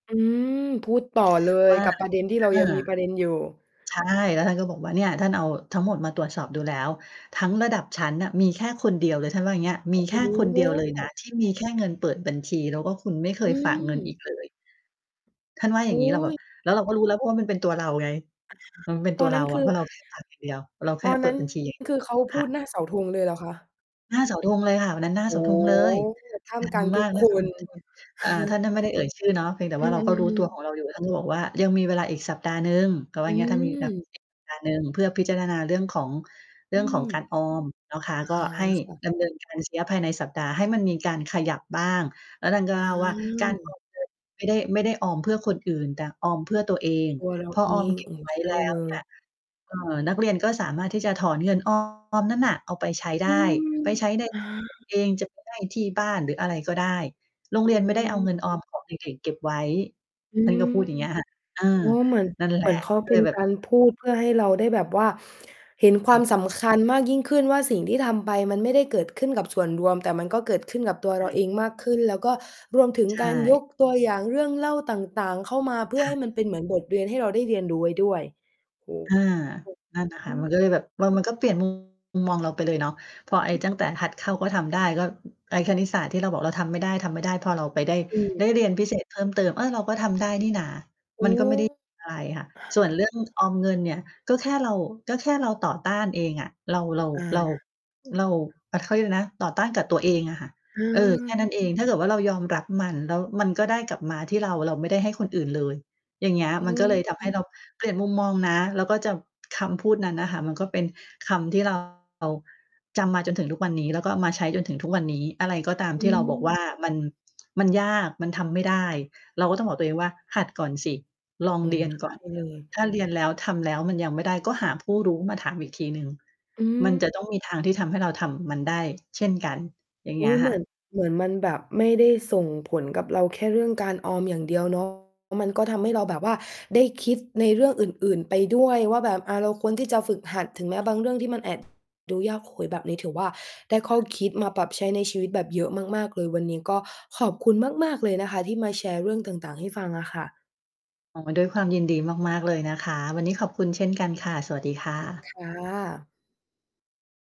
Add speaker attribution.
Speaker 1: อืม พูดต่อเลย
Speaker 2: ว่า
Speaker 1: กับประเด็นที่
Speaker 2: ค
Speaker 1: เร
Speaker 2: ่
Speaker 1: า
Speaker 2: ะ
Speaker 1: ยังมีประเด็นอยู่
Speaker 2: ใช่ แล้วท่านก็บอกว่า "เนี่ย ท่านเอาทั้งหมดมาตรวจสอบดูแล้ว ทั้งระดับชั้นน่ะมีแค่คนเดียวเลย" ท่านว่าอย่างนี้
Speaker 1: โ
Speaker 2: "ม
Speaker 1: อ
Speaker 2: ี
Speaker 1: ้
Speaker 2: แค่คน
Speaker 1: โ
Speaker 2: เดียวเลยนะ
Speaker 1: ฮ
Speaker 2: ที่มีแค่เงินเปิดบัญชี แล้วก็คุณไม่เค
Speaker 1: อื
Speaker 2: ยฝากเงินอีก
Speaker 1: ม
Speaker 2: เลย" ท่านว่าอย่
Speaker 1: อ
Speaker 2: า
Speaker 1: ุ
Speaker 2: งงี
Speaker 1: ๊
Speaker 2: ้ เราแบบ
Speaker 1: ย
Speaker 2: แล้วเราก็รู้แล้วว่า มันเป็นตัวเราไง
Speaker 1: อะไรค
Speaker 2: มัน
Speaker 1: ะ?
Speaker 2: เป็น
Speaker 1: ต
Speaker 2: ตั
Speaker 1: อ
Speaker 2: ว
Speaker 1: น
Speaker 2: เ
Speaker 1: น
Speaker 2: ร
Speaker 1: ั้
Speaker 2: า
Speaker 1: น ค
Speaker 2: อ
Speaker 1: ื
Speaker 2: ะ
Speaker 1: อ
Speaker 2: เพราะเรา แค่ฝากอย่างเดียว เราแค
Speaker 1: ต
Speaker 2: ่
Speaker 1: อน
Speaker 2: เปิ
Speaker 1: นั้
Speaker 2: ด
Speaker 1: น
Speaker 2: บัญชี อย่างเดี
Speaker 1: ค
Speaker 2: ย
Speaker 1: ื
Speaker 2: ว
Speaker 1: อเขา
Speaker 2: ค
Speaker 1: พ
Speaker 2: ่
Speaker 1: ู
Speaker 2: ะ
Speaker 1: ดหน้าเสาธงเลยเหรอคะ?
Speaker 2: หน้าเสาธงเลยค่ะ วันนั้นหน้า
Speaker 1: โอ
Speaker 2: เสา
Speaker 1: ้
Speaker 2: ธ
Speaker 1: โ
Speaker 2: งเลย
Speaker 1: ฮ! ท่า
Speaker 2: ด
Speaker 1: ม
Speaker 2: ั
Speaker 1: ก
Speaker 2: ง
Speaker 1: ลาง
Speaker 2: ม
Speaker 1: ท
Speaker 2: า
Speaker 1: ุก
Speaker 2: ก ท่
Speaker 1: ค
Speaker 2: ามกลางฝ
Speaker 1: น
Speaker 2: ูงชน อา ท่าน ท่านไม่ได้เอ่ยชื่อเนาะ เพียงแต่
Speaker 1: อื
Speaker 2: ว่าเราก็รู้ตั
Speaker 1: อ
Speaker 2: ว
Speaker 1: ๆ ๆ
Speaker 2: ของเราอยู่ ท่านก็บอกว่า "ยังมีเวลาอีกสัปดาห์หนึ่ง" เขาว่
Speaker 1: อ
Speaker 2: า เงี้ย ถ้ามีแบบ
Speaker 1: ืม
Speaker 2: สัปดาห์หนึ่ง เพื่อพิจารณา เรื่องของ เร
Speaker 1: อ
Speaker 2: ื่
Speaker 1: ื
Speaker 2: องของ
Speaker 1: ม
Speaker 2: การออมนะคะ
Speaker 1: อา
Speaker 2: ก็ให้
Speaker 1: ค่ะ
Speaker 2: ดำเนิน การ ชัยยะภายในสัปดาห์ ให้มันมีการขยับบ้าง แล้วท่านก็
Speaker 1: อ
Speaker 2: เล่าว่า "การ อ
Speaker 1: า
Speaker 2: อมเงิน ไม่ได้ ไม่ได้ออมเพื่อคนอื่น แต่ออมเพื่อตัวเอง
Speaker 1: ตัวเรา
Speaker 2: พอ
Speaker 1: เอ
Speaker 2: ออม
Speaker 1: ง
Speaker 2: เก็
Speaker 1: เอ
Speaker 2: บ
Speaker 1: อ
Speaker 2: ไว้
Speaker 1: ใช่
Speaker 2: แล้
Speaker 1: เล
Speaker 2: วเนี่
Speaker 1: ย
Speaker 2: ย เอ่อ นักเรียนก็สามารถที่จะถอนเงิน ออม นั้นน่ะ เอาไปใช้ไ
Speaker 1: อื
Speaker 2: ด้
Speaker 1: ม
Speaker 2: ไปใช้ใน
Speaker 1: อ
Speaker 2: กด
Speaker 1: า
Speaker 2: เองจาก ที่ไร่ ที่บ้าน หรืออะไรก็ได้ โรง
Speaker 1: อ
Speaker 2: เรียน
Speaker 1: ื
Speaker 2: ไม่ได้เอาเง
Speaker 1: ม
Speaker 2: ินออมของเด็ก ๆ เก็บไว้"
Speaker 1: อื
Speaker 2: ท่านก็พู
Speaker 1: ม
Speaker 2: ดอย่างเงี้ยค่ะ เอ
Speaker 1: โ
Speaker 2: อ
Speaker 1: อ้ เหมือน
Speaker 2: นั่นแห
Speaker 1: เห
Speaker 2: ล
Speaker 1: มื
Speaker 2: ะ
Speaker 1: อนเขา
Speaker 2: ก็
Speaker 1: เป
Speaker 2: เ
Speaker 1: ็
Speaker 2: ล
Speaker 1: น
Speaker 2: ยแบ
Speaker 1: ก
Speaker 2: บ
Speaker 1: ารพูดเพื่อให้เราได้แบบว่า เห็นคว
Speaker 2: ค
Speaker 1: า
Speaker 2: ่ะ
Speaker 1: มสำคัญมากยิ่งขึ้นว่า สิ่งที่ทำไปมันไม่ได้เกิดขึ้นกับส่วนรวม แต่มันก็เกิดขึ้นกับตัว
Speaker 2: ใช
Speaker 1: เราเ
Speaker 2: ่
Speaker 1: องมากขึ้น แล้วก็รวมถึง
Speaker 2: ใช
Speaker 1: การย
Speaker 2: ่
Speaker 1: กตัวอย่างเรื่องเล่าต่าง ๆ เข้ามาเพื่
Speaker 2: ค
Speaker 1: อ
Speaker 2: ่
Speaker 1: ให
Speaker 2: ะ
Speaker 1: ้มันเป็นเหมือนบทเรียนให้เราได้เรียนรู้ไว้ด้วย โอ้
Speaker 2: อา นั่นน่ะค
Speaker 1: อ
Speaker 2: ่ะ
Speaker 1: ื
Speaker 2: มัน
Speaker 1: ม
Speaker 2: ก็เลยแบบ เออ มันก็เปลี่ยน มุม มองเราไปเลยเนาะ เพราะไอ้ตั้งแต่หัดเข้า ก็ทำได้ ก็ไอ้คณิตศาสตร์ที่เราบอกเราทำไม่ได้ ๆ พอเราไป ได้
Speaker 1: อื
Speaker 2: ไ
Speaker 1: ม
Speaker 2: ด้เรียนพิเศษเพิ่มเติม เออ เราก็ทำได้นี่นะ
Speaker 1: โอ
Speaker 2: ม
Speaker 1: ้
Speaker 2: ันก็ไม่ได้
Speaker 1: อ
Speaker 2: อะไรค่ะ ส่วนเรื่อง
Speaker 1: ะฮะ เออ
Speaker 2: ออมเงินเนี่ย ก็แค่เรา ก็แค่เราต่อต้านเองอ่ะ เรา เรา
Speaker 1: อ
Speaker 2: เรา
Speaker 1: า
Speaker 2: เรา อะ เขาเรียกอะไรนะ ต่อต้านกับตัวเองอะค่ะ เออ แค่นั้
Speaker 1: อา
Speaker 2: นเอง ถ้าเกิดว่า เรายอมรับมัน แล้วมันก็ได้กลับมาที่เรา เราไม่ได้ให้คนอื่นเลย อย่างเงี้ย
Speaker 1: อื้อ
Speaker 2: มันก็เลยท
Speaker 1: ฮ
Speaker 2: ำให
Speaker 1: ื
Speaker 2: ้
Speaker 1: อ
Speaker 2: เราเปลี่ยนมุมมองนะ แล้วก็จะ คำพูดนั้นน่ะค่ะ มันก็เป็นคำที่ เรา จำมาจนถึงทุกวันนี้ แล้วก็เอามาใช้จนถึงทุกวันนี้ อะไรก็ตาม
Speaker 1: อ
Speaker 2: ที่เราบอกว
Speaker 1: ืม
Speaker 2: ่า มัน มันยาก มันทำไม่ได้ เราก็ต้องบอกตัวเองว่า หัดก่อนสิ ลอง
Speaker 1: เอ
Speaker 2: เร
Speaker 1: อ
Speaker 2: ียน
Speaker 1: ใช
Speaker 2: ก่อน
Speaker 1: ่ เลย
Speaker 2: ถ้าเรียนแล้ว ทำแล้ว มันยังไม่ได้ ก็หาผู้รู้มาถามอีกทีหนึ่ง
Speaker 1: อื
Speaker 2: มัน
Speaker 1: ม
Speaker 2: จะต้องมีทางที่ทำให้เราทำมันได้เช่นกัน อย่างเ
Speaker 1: อ
Speaker 2: ง
Speaker 1: ุ
Speaker 2: ี้
Speaker 1: ๊
Speaker 2: ย
Speaker 1: ย! เห
Speaker 2: ค
Speaker 1: ม
Speaker 2: ่
Speaker 1: ือน
Speaker 2: ะ
Speaker 1: เหมือนมันแบบไม่ได้ส่งผลกับเรา แค่เรื่องการออมอย่างเดียว เนาะ มันก็ทำให้เราแบบว่าได้คิดในเรื่องอื่น ๆ ไปด้วยว่า แบบเราควรที่จะฝึกหัด ถึงแม้บางเรื่องที่มันแอบ ดูยาก โอ้ แบบนี้ถือว่า ได้ข้อคิดมาปรับใช้ในชีวิตแบบเยอะมาก ๆ เลย วันนี้ก็ขอบคุณมาก ๆ เลยนะคะ ที่มาแชร์เรื่องต่าง ๆ ให้ฟังอะค่ะ
Speaker 2: อ๋อ ด้วยความยินดีมาก ๆ เลยนะคะ วันนี้ขอบคุณเช่นกันค่ะ สวัสดีค่
Speaker 1: ค
Speaker 2: ะ
Speaker 1: ่ะ